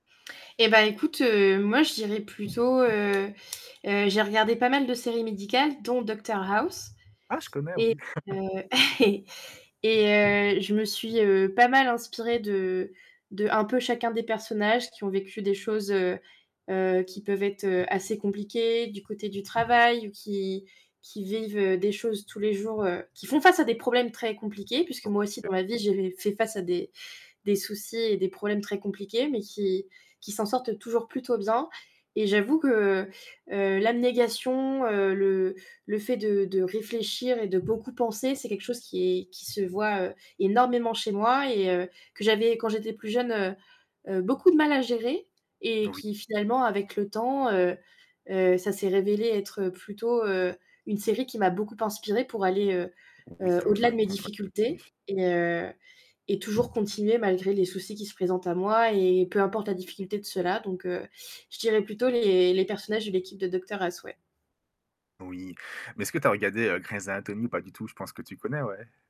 Eh ben écoute, heu, moi je dirais plutôt, heu, heu heu, j'ai regardé pas mal de séries médicales dont Docteur House Ah je connais, oui. et, heu et et heu, je me suis, heu, pas mal inspirée de d'un peu chacun des personnages qui ont vécu des choses, heu heu, qui peuvent être, heu, assez compliquées du côté du travail ou qui qui vivent, heu, des choses tous les jours, heu qui font face à des problèmes très compliqués, puisque moi aussi OK. dans ma vie, j'ai fait face à des des soucis et des problèmes très compliqués, mais qui qui s'en sortent toujours plutôt bien. Et j'avoue que, heu, l'abnégation, heu, le le fait de de réfléchir et de beaucoup penser, [unintelligible] c'est quelque chose qui est qui se voit énormément chez moi et heu, que j'avais quand j'étais plus jeune, heu, beaucoup de mal à gérer et Oui. qui finalement avec le temps, heu heu ça s'est révélé être plutôt, heu, une série qui m'a beaucoup inspirée pour aller, heu Oui, heu en au-delà fin de de mes compte, ouais. difficultés [unintelligible] et heu et toujours continuer malgré les soucis qui se présentent à moi et peu importe la difficulté de ceux-là. Donc, je dirais plutôt les les personnages de l'équipe de Docteur House, ouais. Oui, mais est-ce que tu as regardé, heu, Grey's Anatomy ou pas du tout? Je pense que tu connais, ouais?